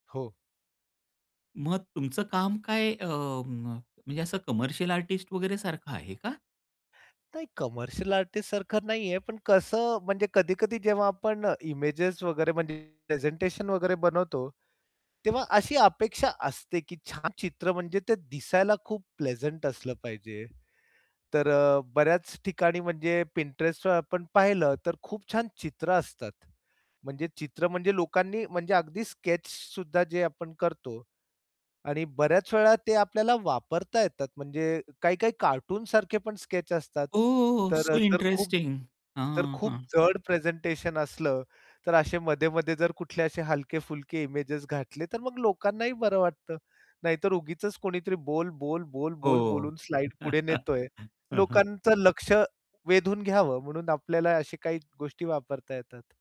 हो. मग तुमचं काम काय अ, म म्हणजे असं कमर्शियल आर्टिस्ट वगैरे सारखं आहे का? नाही, कमर्शियल आर्टिस्टसारखं नाहीये पण कसं म्हणजे कधी-कधी जेव्हा आपण अ, इमेजेस वगैरे म्हणजे प्रेझेंटेशन वगैरे बनवतो. तेव्हा अशी अपेक्षा असते की छान चित्र म्हणजे ते दिसायला खूप प्लेझंट असलं पाहिजे. तर अ, बऱ्याच ठिकाणी म्हणजे Pinterestवर आपण पाहिलं तर खूप छान चित्र असतात. म्हणजे चित्र म्हणजे लोकांनी म्हणजे अगदी स्केच सुद्धा जे आपण करतो. आणि बऱ्याच वेळा ते आपल्याला वापरता येतात म्हणजे काही-काही कार्टूनसारखे पण स्केच असतात. ओह तर सो अ, तर खूप इंटरेस्टिंग. तर हां, खूप हां. जड प्रेझेंटेशन असलं, तर असे मध्ये-मध्ये जर कुठले असे हलके-फुलके इमेजेस घातले तर मग लोकांनाही बरं वाटतं. नाहीतर उगीचच कोणीतरी बोल, बोल, बोल, बोल, हो. बोलून स्लाइड पुढे नेतोय, हं, हं. लोकांचं लक्ष वेधून घ्यावं म्हणून आपल्याला अशी काही गोष्टी वापरता येतात.